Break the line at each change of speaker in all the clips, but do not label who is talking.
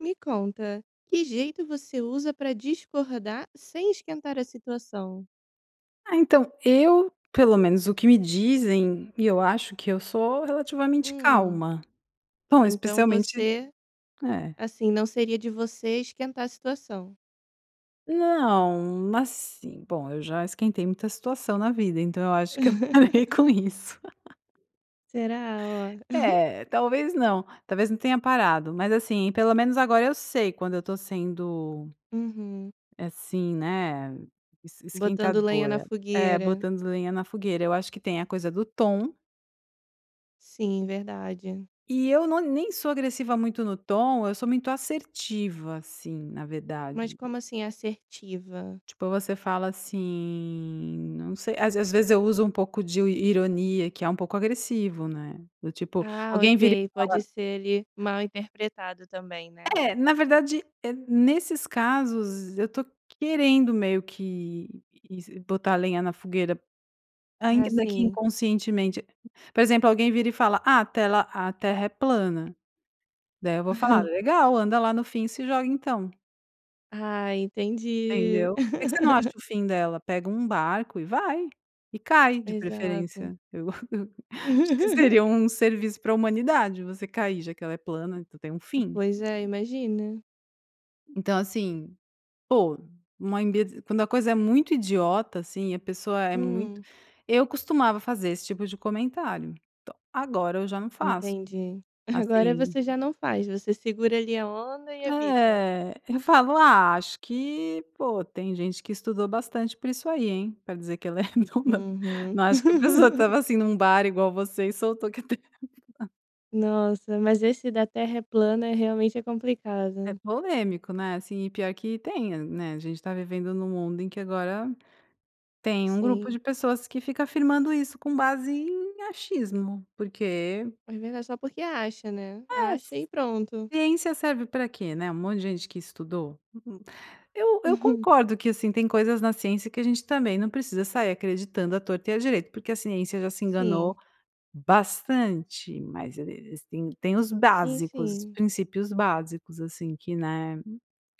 Me conta, que jeito você usa pra discordar, sem esquentar a situação?
Ah, então eu, pelo menos o que me dizem, e eu acho que eu sou relativamente
Hum.
calma. Bom,
Então
especialmente
você,
é.
assim, não seria de você esquentar a situação.
Não, mas sim, bom, eu já esquentei muita situação na vida, então eu acho que eu parei com isso.
Será, ó.
É, talvez não, talvez não tenha parado, mas assim, pelo menos agora eu sei quando eu estou sendo
Uhum.
assim, né, es
Botando lenha na
esquentadora. É,
fogueira.
botando lenha na fogueira, eu acho que tem a coisa do tom
Sim, verdade.
e eu no nem sou agressiva muito no tom, eu sou muito assertiva, assim, na
Mas
verdade.
como assim "é assertiva"?
Tipo, você fala assim, não sei às veze às vezes eu uso um pouco de io ironia, que é um pouco agressivo, né, do tipo,
Ah,
alguém vira
ok,
e fala
pode ser ele mal interpretado também, né.
É, na verdade, eh, nesses casos, eu tô querendo meio que, isi botar a lenha na fogueira,
Ah,
ainda daqui
sim.
inconscientemente por exemplo, alguém vira e fala: "Ah, a tela a terra é plana!". Daí eu vou falar: "Legal, anda lá no fim e se joga então!".
Ah, entendi.
Entendeu? Por que que você não acha o fim dela? Pega um barco e vai e cai, de
Exato.
preferência. Eu eu acho que seria um serviço para a humanidade você cair, já que ela é plana. Então, tem um fim.
Pois é, imagina.
Então, assim, pô, uma imbe quando a coisa é muito idiota, assim, a pessoa é muito
Hum.
eu costumava fazer esse tipo de comentário. Então, agora, eu já não faço,
Entendi. Agora
assim
você já não faz. Você segura ali a onda e evita?
É. Eu falo: "Ah, acho que, pô, tem gente que estudou bastante por isso aí, hein, pra dizer que ela é redonda.
Uhum.
Não acho que a pessoa estava, assim, num bar igual você, e soltou que a terra é plana".
Nossa. Mas esse da terra é plana é, realmente, é
É
complicado.
polêmico, né, assim, e pior que tem, hã, né. A gente tá vivendo num mundo em que, agora, tem um grupo de
Sim.
pessoas que fica afirmando isso com base em achismo, porque
Mas, verdade, só porque acha, né.
É, c
Acha e pronto.
ciência serve para quê? Né. Um monte de gente que estudou. Eu eu
Uhum.
concordo que, assim, tem coisas na ciência que a gente também não precisa sair acreditando a torto e a direito, porque a ciência já se enganou
Sim.
bastante. Mas ele eles têm têm os
Sim,
básicos, os
sim.
princípios básicos, assim, que, né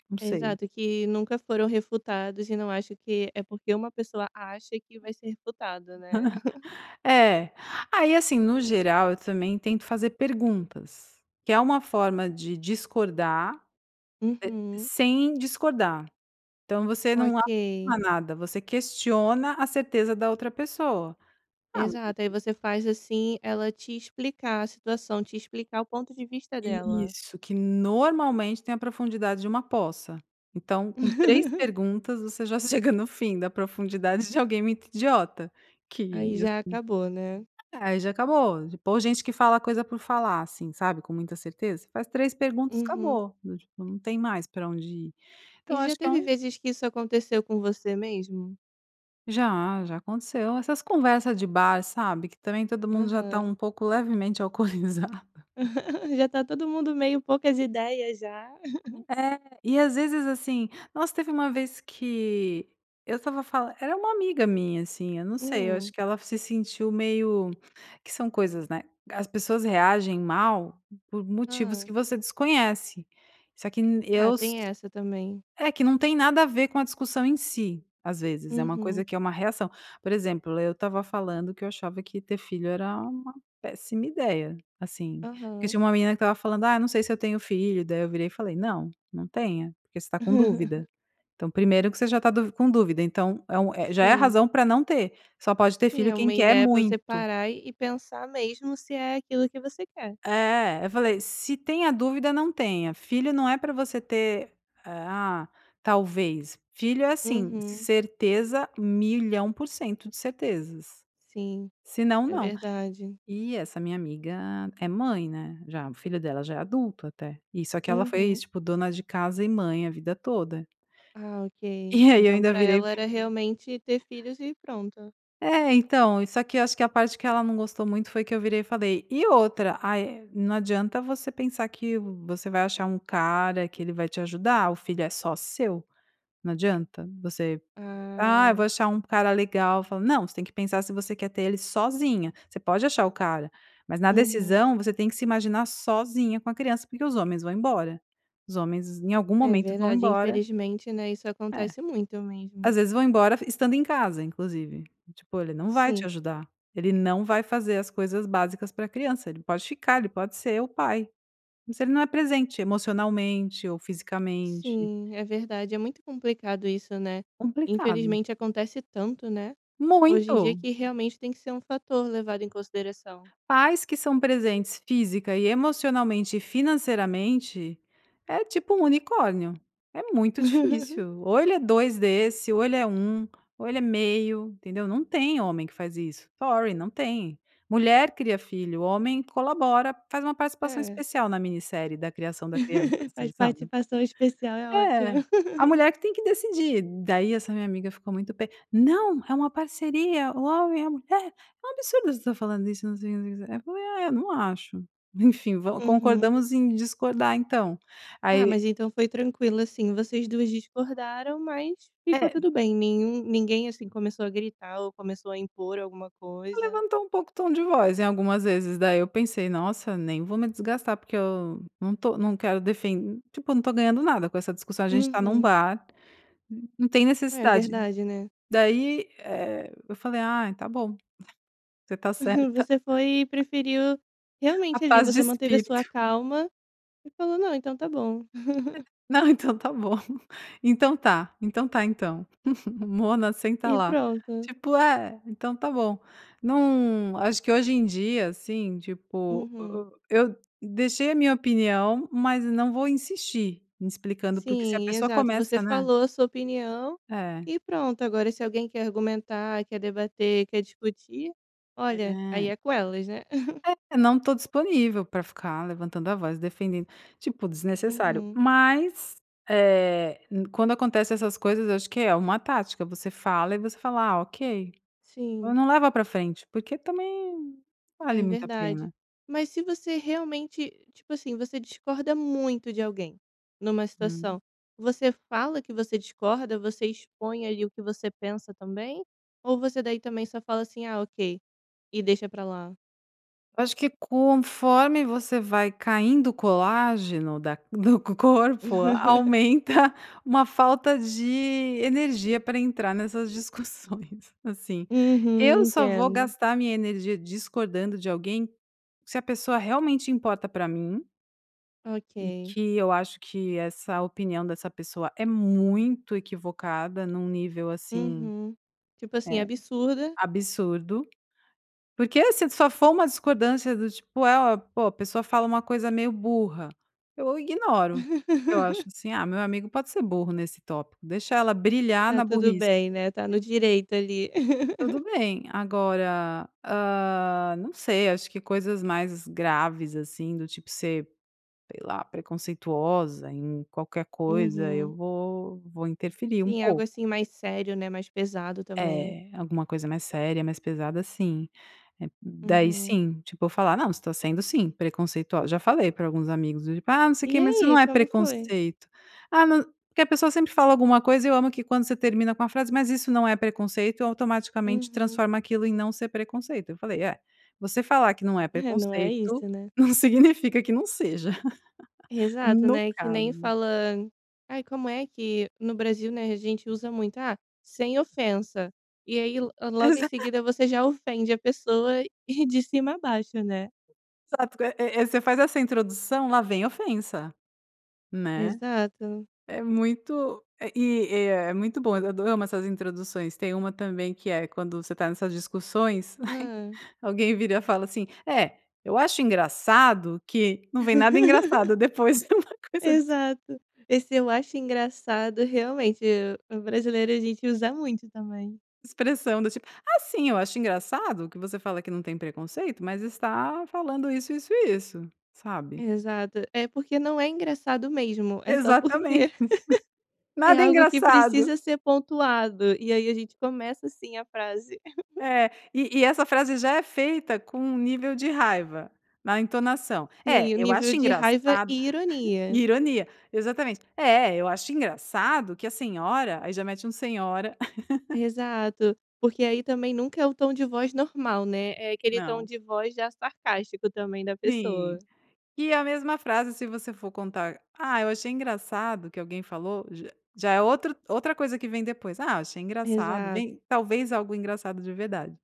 não sei.
Exato. Que nunca foram refutados e, não acho que é porque uma pessoa acha, que vai ser refutada, né.
É. Aí, assim, no geral, eu também tento fazer perguntas, que é uma forma de discordar e
Uhum.
sem discordar. Então você não acha
OK.
nada. Você questiona a certeza da outra pessoa. Ah, mas
Exato. Aí,
e
você faz, assim, ela te explicar a situação, te explicar o ponto de vista dela?
Isso. Que, normalmente, tem a profundidade de uma poça. Então, com 3 perguntas você já chega no fim da profundidade de alguém muito idiota, que,
Aí, já
assim
acabou, né?
é, já acabou, p ou gente que fala coisa por falar, assim, sabe, com muita certeza? Faz 3 perguntas,
Uhum.
acabou, n não tem mais pra onde ir. Então eu
E já
acho que é
teve
um
vezes que isso aconteceu com você mesmo?
Já, já aconteceu. Essas conversas de bar, sabe, que também todo mundo já está
Aham.
um pouco levemente alcoolizado.
Já está todo mundo meio poucas ideias já.
É. E às vezes, assim nossa, teve uma vez que eu estava fala era uma amiga minha, assim, eu não sei, eu acho
Hum.
que ela se sentiu meio, que são coisas, né. As pessoas reagem mal por motivos
Hã.
que você desconhece, só que n
Ah,
eu s
tem essa também.
É, que não tem nada a ver com a discussão em si, às vezes, é uma coisa
Uhum.
que é uma reação. Por exemplo, eu estava falando que eu achava que ter filho era uma péssima ideia, assim, porque
Aham.
tinha uma menina que estava falando: "Ah, não sei se eu tenho filho", daí eu virei e falei: "Não, não tenha, porque você está com dúvida. Então, primeiro que você já está du com dúvida, então é um é, já é a
Sim.
razão para não ter, só pode ter
Sim,
filho
é uma
quem quer
ideia pra você
muito".
parar, e e pensar mesmo se é aquilo que você quer.
É. Eu falei: "Se tem a dúvida, não tenha. Filho não é pra você ter, eh, ah, talvez. Filho é assim,
Uhum.
certeza, 1.000.000% de certezas.
Sim,
Senão,
é
não".
verdade.
E essa minha amiga é mãe, né, já o filho dela já é adulto, até. E, só que ela foi,
Uhum.
tipo, dona de casa e mãe a vida toda.
Ah, ok.
E aí, eu
Então
ainda
pra
virei
ela era, realmente, ter filhos e pronto.
É, então e só que, eu acho que a parte que ela não gostou muito, foi que, eu virei e falei: "E outra aí não adianta você pensar que, você vai achar um cara que ele vai te ajudar, o filho é só seu, não adianta você, 'Ah, eu
Ah.
vou achar um cara legal', falo não, você tem que pensar se você quer ter ele sozinha, você pode achar o cara, mas na
Uhum.
decisão você tem que se imaginar sozinha com a criança, porque os homens vão embora, os homens em algum
É
momento vão
verdade,
embora"
infelizmente, né, isso
É,
acontece muito
às
mesmo.
vezes vão embora e estando em casa, inclusive, tipo ele não vai te
Sim.
ajudar, ele não vai fazer as coisas básicas para criança. Ele pode ficar, ele pode ser o pai, mas ele não é presente emocionalmente ou fisicamente.
Sim, é verdade, é muito complicado isso, né,
Complicado.
infelizmente acontece tanto, né, hoje em dia,
Muito.
que realmente tem que ser um fator levado em consideração.
Pais que são presentes física e emocionalmente e financeiramente, é tipo um unicórnio, é muito difícil, ou ele é 2 desse, ou ele é 1 ou ele é meio, entendeu? Não tem homem que faz isso, sorry, não tem, mulher cria filho, homem colabora, faz uma participação
É.
especial na minissérie da criação da criança, assim
Faz
sabe.
participação especial é ótimo.
É a mulher que tem que decidir, daí essa minha amiga ficou muito p "Não, é uma parceria, o homem e a mulher, é um absurdo você tá falando isso" não sei, não sei, não sei o que, eu falei: "Ah é, eu não acho, enfim, vol
Uhum.
concordamos em discordar, então".
Ah,
Aí
mas então foi tranquilo, assim, vocês 2 discordaram, mas ficou
É.
tudo bem, nenhum ninguém assim começou a gritar ou começou a impor alguma
Ela
coisa?
levantou um pouco o tom de voz, em algumas vezes daí eu pensei: "Nossa, nem vou me desgastar, porque eu não estou não quero defen tipo, não estou ganhando nada com essa discussão, a gente está num
Uhum.
bar, não tem
É
necessidade",
verdade, né?
daí eh, eu falei: "Ah, tá bom, você está certa".
Você foi e preferiu
A
realmente ali,
paz de
você manteve a sua
espírito.
calma e falou não, então tá bom.
É, não, então tá bom, então tá, então tá, então mona senta
E
lá,
pronto.
tipo é, então tá bom não acho que hoje em dia, assim, tipo,
Uhum.
e e eu deixei a minha opinião, mas não vou insistir explicando, porque se a
Sim,
pessoa
exato, você
começa, né?
falou a sua opinião
É.
e pronto. Agora, se alguém quer argumentar, quer debater, quer discutir, olha, aí
É.
é com elas, né?
É, não estou disponível pra ficar levantando a voz, defendendo, tipo, desnecessário,
Uhum.
mas, eh, quando acontece essas coisas, eu acho que é uma tática, você fala e você fala: "Ah, ok",
Sim.
não leva pra frente, porque também, não vale
É
muito a
verdade,
pena.
mas se você realmente, tipo assim, você discorda muito de alguém numa
Hum.
situação, você fala que você discorda, você expõe ali o que você pensa também, ou você daí também só fala assim, "Ah, ok", e deixa pra lá?
Eu acho que conforme você vai caindo o colágeno da do co corpo, aumenta uma falta de energia para entrar nessas discussões, assim, eu
Uhum,
só vou
entendo.
gastar a minha energia discordando de alguém, se a pessoa realmente importa para mim e
OK.
que eu acho que essa opinião dessa pessoa é muito equivocada, num nível, assim,
Uhum, tipo assim,
eh,
absurda
absurdo, porque se só for uma discordância do tipo: "É, ó, pô", a pessoa fala uma coisa meio burra, eu ignoro. Eu acho assim: "Ah, meu amigo pode ser burro nesse tópico, deixa ela brilhar
Tá
na
tudo
burrice.".
bem, né, tá no
[unintelligible]
direito ali.
Tudo bem. Agora, ah, não sei, acho que coisas mais graves, assim, do tipo ser, sei lá, preconceituosa em qualquer coisa,
Uhum.
eu vou vou interferir um
Sim, algo
pouco.
assim mais sério, né, mais pesado também.
É. Alguma coisa mais séria, mais pesada, assim, é hum daí
Uhum.
sim, tipo eu falar: "Não, você está sendo sim, preconceitual", já falei para alguns amigos, do tipo: "Ah, não sei o
E
que, mas isso não
aí,
é
como foi?
preconceito.", "Ah, não", porque a pessoa sempre fala alguma coisa, eu amo que quando você termina com a frase: "Mas isso não é preconceito.", automaticamente
Uhum.
transforma aquilo em "não ser preconceito", eu falei: "É, você falar que não é
É, não é
preconceito,
isso, né.
não significa que não seja",
Exato,
no
né, que nem
caso.
fala aí, como é que no Brasil, né, a gente usa muito: "Ah, sem ofensa", e aí, lo logo em
Exa
seguida você já ofende a pessoa de cima abaixo, né.
Exato, eh eh eh você faz essa introdução, lá vem ofensa, né,
Exato.
é muito eh, é é muito bom eu ado amo essas introduções, tem uma também que é, quando você tá nessas discussões,
Hum.
alguém vira e fala assim: "Eh, eu acho engraçado que", não vem nada engraçado depois de uma coisa. [unintelligible]
Exato. Esse, eu acho engraçado realmente, o o brasileiro, a gente usa muito também.
Expressão, do tipo: "Ah, sim, eu acho engraçado que você fala que não tem preconceito, mas está falando isso, isso, e isso", sabe.
Exato. É, porque não é engraçado mesmo, é só
Exatame
porque é
Nada
algo que
engraçado!
precisa ser pontuado, e aí a gente começa, assim, a frase.
É. E e essa frase já é feita com um nível de raiva, na entonação. "É,
Sim, o
eu
nível
acho
de raiva
engraçado".
e ironia.
Ironia, exatamente. "É, eu acho engraçado que a senhora", aí já mete um senhora.
Exato. Porque aí, também, nunca é o tom de voz normal, né. É aquele tom
Não.
de voz já sarcástico, também, da pessoa.
Sim. E a mesma frase, se você for contar a "ah, eu achei engraçado, que alguém falou", j já é outro outra coisa que vem depois. "Ah, eu achei engraçado",
Exato.
vem talvez algo engraçado de verdade,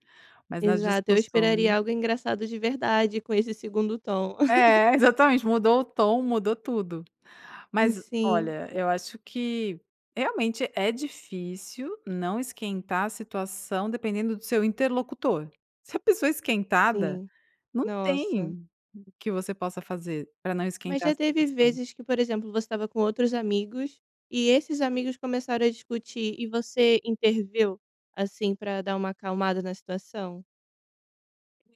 mas nas
Exato. Eu
discussões
esperaria algo engraçado de verdade, com esse segundo tom.
É, exatamente. Mudou o tom, mudou tudo. Mas
Sim.
olha, eu acho que, realmente, é difícil não esquentar a situação, dependendo do seu interlocutor. Se a pessoa é esquentada,
Sim.
não
Nossa.
tem o que você possa fazer, para não
Mas
esquentar a
já teve
situação.
vezes que, por exemplo, você estava com outros amigos, e esses amigos começaram a discutir, e você interveio, assim, pra dar uma acalmada na situação?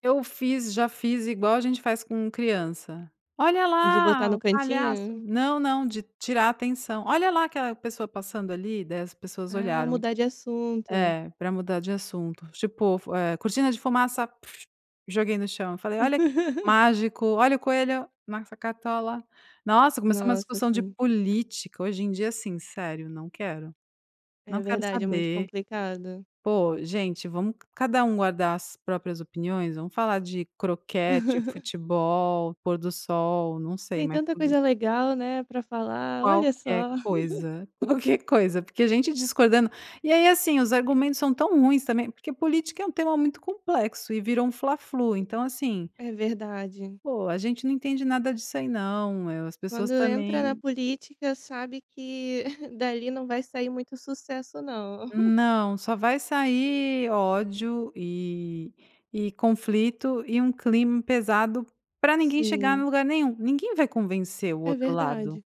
Eu fiz já fiz igual, a gente faz com criança: "Olha
De botar
lá
no
o palhaço".
cantinho?
Não, não de tirar a atenção. "Olha lá aquela pessoa passando ali", daí as pessoas
Ah,
olharam.
mudar de assunto.
É, pra mudar de assunto. Tipo fu eh, "Cortina de fumaça", joguei no chão. Falei: "Olha" Mágico: "Olha, o coelho na essa cartola". Nossa, começou uma
Nossa,
discussão de
sim.
política, hoje em dia, assim, sério, não quero,
É
não quero
verdade, é muito
saber.
complicado.
Poxa, gente, vamos c cada um guardar as próprias opiniões. Vamos falar de croquete, futebol, pôr do sol, não sei,
Tem
mas
tanta
política
coisa legal, né, pra falar olha
Qualquer
só.
coisa, qualquer coisa. Porque a gente discordando E aí, assim, os argumentos são tão ruins também, porque política é um tema muito complexo e vira um fla flu. Então, assim
É verdade.
poxa, a gente não entende nada disso aí não. Eh, as
Quando
pessoas
entra na
também
política, sabe que dali não vai sair muito sucesso, não.
Não. Só vai sair ódio, eh, e conflito e um clima pesado pra ninguém chegar no
Sim.
lugar nenhum. Ninguém vai convencer o
É
outro lado.
verdade.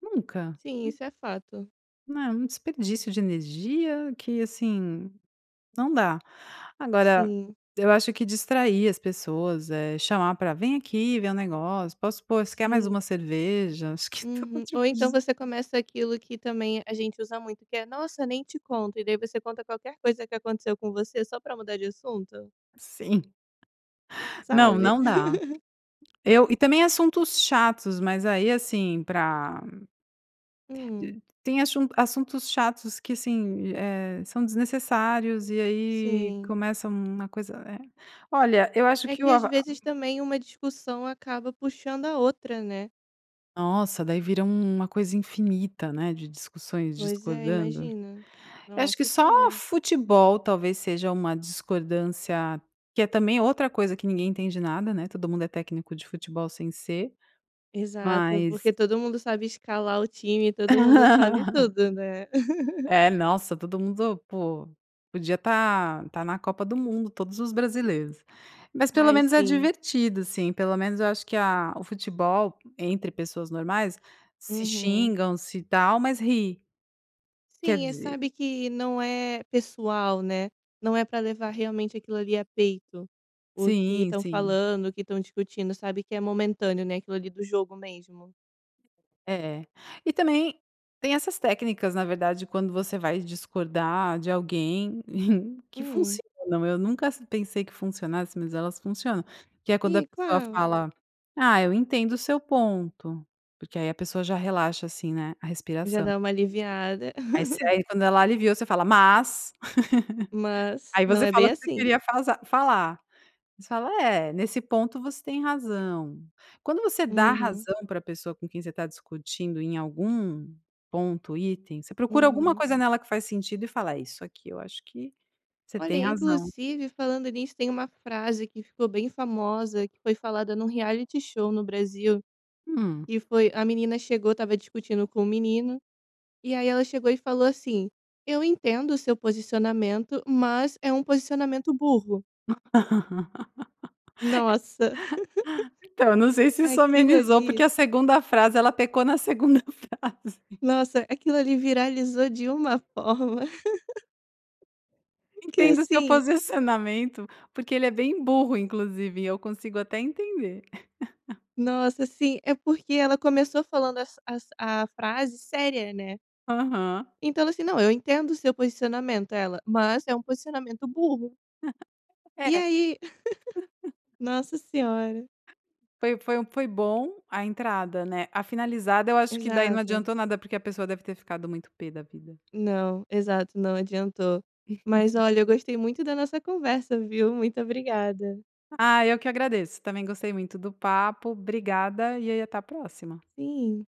Nunca.
Sim, isso é fato.
Não, é um desperdício de energia que, assim, não dá. Agora,
Sim.
eu acho que distrair as pessoas, eh, chamar pra: "Vem aqui ver o negócio", "Posso pôr?", "Você quer mais
Sim.
uma cerveja?", Acho que todo
Uhum
tipo
ou então
de
você começa aquilo que também a gente usa muito, que é: "Nossa, nem te conto!". E daí você conta qualquer coisa que aconteceu com você, só para mudar de assunto.
Sim. Não,
Sabe?
não dá! Eu e também assuntos chatos, mas aí, assim, pra
Hum.
de tem assun assuntos chatos que assim, di eh, são desnecessários e aí
Sim.
começa uma coisa, eh. Olha, eu acho
É
que
que
o
às
arró
vezes também uma discussão acaba puxando a outra, né.
Nossa, daí vira um uma coisa infinita, né, de discussões
Pois é,
discordando.
imagina.
Eu acho que
Nossa
só
Senhora.
futebol talvez seja uma discordância, que é também outra coisa que ninguém entende nada, né, todo mundo é técnico de futebol sem ser.
Exato,
Mas
porque todo mundo sabe escalar o tim, todo mundo sabe tudo, né.
É, nossa, todo mundo, po, podia estar estar na Copa do Mundo, todos os brasileiros, mas pelo
Ai,
menos é
sim.
divertido, sim, pelo menos eu acho que a o futebol, entre pessoas normais, se
Uhum.
xingam, se tal, mas ri. Quer
Sim, eh,
dizer
sabe que não é pessoal, né. Não é pra levar realmente aquilo ali a peito. O que
Sim,
estão
sim.
falando o que estão discutindo, sabe que é momentâneo, né, aquilo ali do jogo mesmo.
É. E também tem essas técnicas, na verdade, quando você vai discordar de alguém que
Hum.
funcionam, eu nunca ass pensei que funcionasse, mas elas funcionam, que é quando a
E,
pessoa
qual?
fala: "Ah, eu entendo o seu ponto". Porque aí a pessoa já relaxa assim, né, a
Já
respiração.
dá uma aliviada.
Aí você aí, quando ela aliviou, você fala: "Mas".
Mas,
Aí
não
você
é bem
falou que você
assim.
queria fazar falar. Aí você fala: "É, nesse ponto, você tem razão". Quando você dá
Uhum.
razão para a pessoa com quem você está discutindo em algum ponto, item, você procura alguma
Uhum.
coisa nela que faz sentido, e fala: "É, isso aqui eu acho que você
Olha,
tem razão".
inclusive, falando nisso, tem uma frase que ficou bem famosa, que foi falada num reality show no Brasil,
Hum.
e foi a menina chegou, estava discutindo com o menino, e aí ela chegou e falou assim: "Eu entendo o seu posicionamento, mas é um posicionamento burro."
É
Nossa,
então, eu não sei se isso
aquilo
amenizou, porque
ali
a 2ª frase, ela pecou na 2ª frase.
Nossa, aquilo ali viralizou de uma forma que
"Entendo o seu
assim
posicionamento, porque ele é bem burro, inclusive, e eu consigo até entender."
Nossa, sim, é porque ela começou falando as as a frase séria, né.
Aham.
Então, ela assim: "Não, eu entendo o seu posicionamento", ela, "mas é um posicionamento burro". E
É.
aí nossa senhora.
Foi foi um foi bom, a entrada, né, a finalizada, eu acho que daí não
Exato.
adiantou nada, porque a pessoa deve ter ficado muito pê da vida.
Não. Exato, não adiantou. Mas olha, eu gostei muito da nossa conversa, viu, muito obrigada.
Ah, eu que agradeço. Também gostei muito do papo. Obrigada, e aí até a próxima.
Sim.